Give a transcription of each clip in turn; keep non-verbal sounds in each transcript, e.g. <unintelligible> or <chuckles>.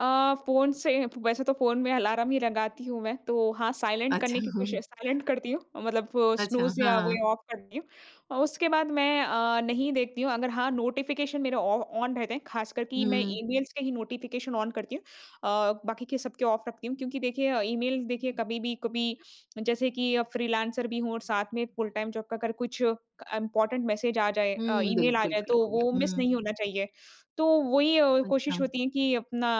अ, phone से वैसे तो फ़ोन में अलार्म ही लगाती हूँ मैं तो हाँ साइलेंट अच्छा, करने की कोशी हाँ। साइलेंट करती हूँ अ, मतलब वो अच्छा, स्नूज़ या वो हाँ। ऑफ़ करती हूँ। उसके बाद मैं अ, नहीं देखती हूँ, अगर हाँ नोटिफ़िकेशन मेरे ऑ ऑन रहते हैं, खासकर कि मैं हुँ। ईमेल्स के ही नोटिफ़िकेशन ऑन करती हूँ अ, बाकी के सब ऑफ़ रखती हूँ। क्योंकि देखिए ईमेल देखिए कभी भी, कभी जैसे कि फ्रीलांसर भी हूँ और साथ में फुल टाइम जॉब का अगर कुछ इम्पोर्टेंट मैसेज आ जाए अ, हुँ, ईमेल आ बिल्कुल, जाए, तो बिल्कुल, वो मिस हुँ। नहीं होना चाहिए। तो वही अ, कोशिश अच्छा। होती है कि अपना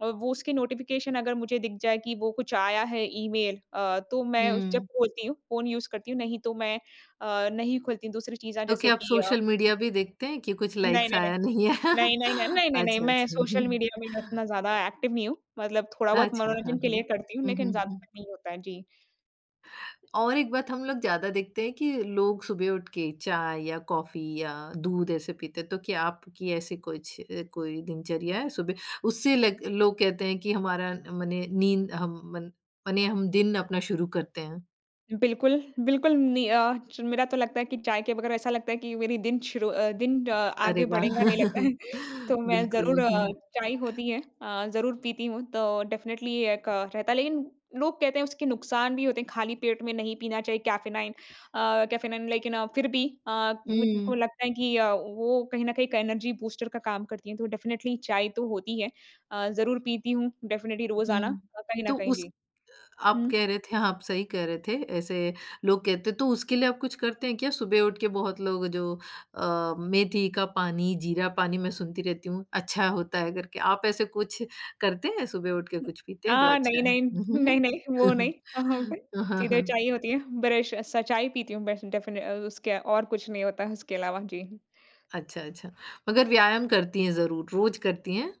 अ, वो उसके नोटिफ़िकेशन अगर मुझे दिख जाए कि वो कुछ आया है ईमेल अ, तो मैं उस जब हुँ। खोलती हूँ, फ़ोन यूज करती हूँ, नहीं तो मैं अ, नहीं खोलती हूँ दूसरी चीज़ें अ, तो जैसे क्या आप कि अ सोशल मीडिया भी देखते हैं, कि कुछ नहीं, लाइक्स नहीं, नहीं। आया, नहीं आया। नहीं, नहीं, न नहीं, नहीं, नहीं अच्छा, मैं अच्छा, सोशल हुँ। मीडिया में इतना ज़्यादा एक्टिव नहीं हूँ। मतलब थोड़ा बहुत अच्छा, हाँ, मनोरंजन के लिए हाँ। करती हूँ हुँ, लेकिन हुँ, हुँ। ज़्यादातर नहीं होता है। जी। और एक बात हम लोग ज़्यादा देखते हैं कि लोग सुबह उठ के चाय या कॉफ़ी या दूध ऐसे पीते हैं, तो क्या आपकी ऐसी कुछ कोई दिनचर्या है? सुबह उससे ल लोग कहते हैं कि हमारा मने नींद हम मन मने हम दिन अपना शुरू करते हैं। बिल्कुल, बिल्कुल नहीं अ, च मेरा तो लगता है कि चाय के बग़ैर ऐसा लगता है कि मेरी दिन शुरू अ, दिन अ, अरे आगे वाह! बढ़ेगा नहीं लगता है। <chuckles> तो मैं बिल्कुल, ज़रूर अ, हुँ। चाय होती है अ, ज़रूर पीती हूँ तो डेफिनिटली एक रहता है लेकिन लोग कहते हैं उसके नुकसान भी होते हैं। खाली पेट में नहीं पीना चाहिए, कैफ़ेनाइन अ, कैफ़ेनाइन लेकिन फिर भी अ, मुझको हुँ। लगता है कि अ, वो कहीं न कहीं एक एनर्जी बूस्टर का काम करती है। तो डेफिनिटली चाय तो होती है अ, ज़रूर पीती हूँ डेफिनिटली रोज़ाना हुँ, अ, कहीं न तो कहीं उस जी। अ, आप हुँ। कह रहे थे, आप सही कह रहे थे, ऐसे लोग कहते हैं तो उसके लिए आप कुछ करते हैं क्या? सुबह उठ के बहुत लोग जो अ, मेथी का पानी, जीरा पानी मैं सुनती रहती हूँ, अच्छा होता है करके आप ऐसे कुछ करते हैं सुबह उठ के हुँ कुछ पीते हैं जो अ, नहीं, अच्छा है? नहीं, हुँ, हुँ, नहीं, हुँ। नहीं वो नहीं <chuckles> <unintelligible> अ, हाँ, सीधे हाँ। चाय होती है, ब्रश स चाय पीती हूँ ब डेफिनिटली अ, उसके और कुछ नहीं होता है उसके अलावा। जी। अच्छा, अच्छा। मगर व्यायाम करती है ज़रूर, रोज़ करती हैं।